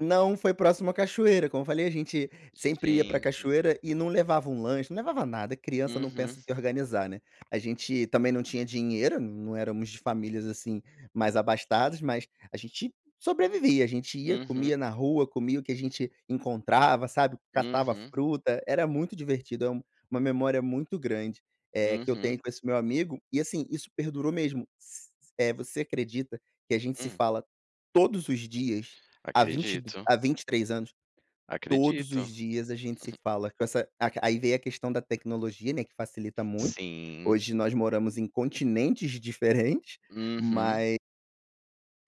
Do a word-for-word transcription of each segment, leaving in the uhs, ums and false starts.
Não, foi próximo à cachoeira, como eu falei, a gente sempre ia para Gente. cachoeira, e não levava um lanche, não levava nada, criança não Uhum. pensa em se organizar, né. A gente também não tinha dinheiro, não éramos de famílias, assim, mais abastadas, mas a gente sobrevivia. A gente ia, Uhum. comia na rua, comia o que a gente encontrava, sabe. Catava Uhum. fruta, era muito divertido, é um uma memória muito grande, eh, que eu Uhum. tenho com esse meu amigo, e assim, isso perdurou mesmo. S eh, você acredita que a gente se Hum. fala todos os dias, há vinte e do Acredito. há vinte e três anos. Todos os Acredito. dias a gente se fala, com essa a aí veio a questão da tecnologia, né, que facilita muito. Sim. Hoje nós moramos em continentes diferente, Uhum. mae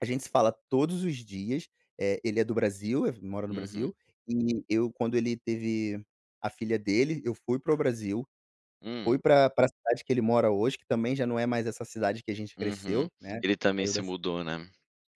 a gente se fala todos os dias, eh, ele é do Brasil, ef mora no Uhum. Brasil, e eu, quando ele teve a filha dele, eu fui para o Brasil, Hum. fui pra pra cidade que ele mora hoje, que também já não é mais essa cidade que a gente Uhum. cresceu, né, Ele também saiu se da ci mudou, né.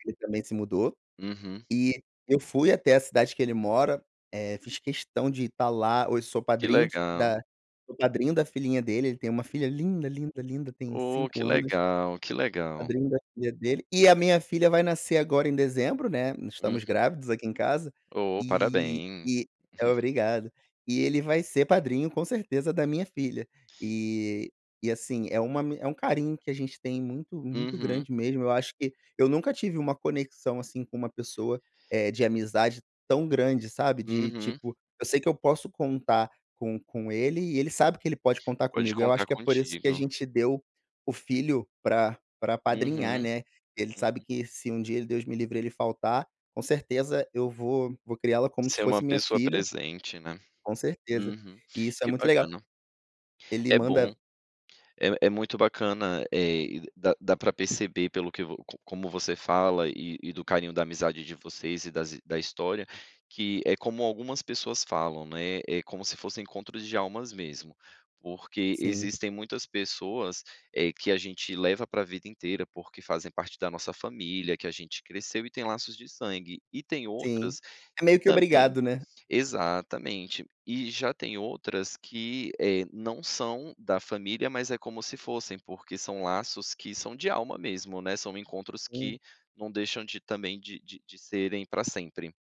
ele também se mudou. Uhum. E eu fui até a cidade que ele mora, eh, fiz questão de estar lá, hoje sou Que padrinho legal. da sou padrinho da filhinha dele, ele tem uma filha linda, linda, linda, tem Ô, que cinco anos. legal, que legal. Padrinho da filha dele, e a minha filha vai nascer agora em dezembro, né, estamos Uhum. grávidos aqui em casa, Ô, e parabéns. e obrigado. E ele vai ser padrinho, com certeza, da minha filha. E e assim, é uma ami é um carinho que a gente tem muito muito Uhum. grande mesmo, eu acho que eu nunca tive uma conexão assim com uma pessoa, eh, de amizade, tão grande, sabe. De Uhum. tipo, eu sei que eu posso contar com com ele e ele sabe que ele pode contar Pode comigo, eu acho contar que é por isso que a contigo. gente deu o filho para para apadrinhar, Uhum. né, que ele sabe Uhum. que se um dia ele, Deus me livre, ele faltar, com certeza eu vou vou criá-la como se Se é fosse uma minha pessoa filha. presente, né. Com certeza. Uhum. E isso é Que muito legal. bacana. Ele É bom. manda É é muito bacana, eh, e d dá dá para perceber, pelo que vo co como você fala, e e do carinho da amizade de vocês e das hi da história, que é como algumas pessoas falam, né, é como se fossem encontros de almas mesmo, porque Sim. existem muitas pessoas, eh, que a gente leva para vida inteira, porque fazem parte da nossa família, que a gente cresceu, e tem laços de sangue. E tem Sim. outras, É que meio que também obrigado, né. exatamente. E já tem outras que, eh, não são da família, mas é como se fossem, porque são laços que são de alma mesmo, né, são encontros Sim. que não deixam de, também, de de de serem para sempre.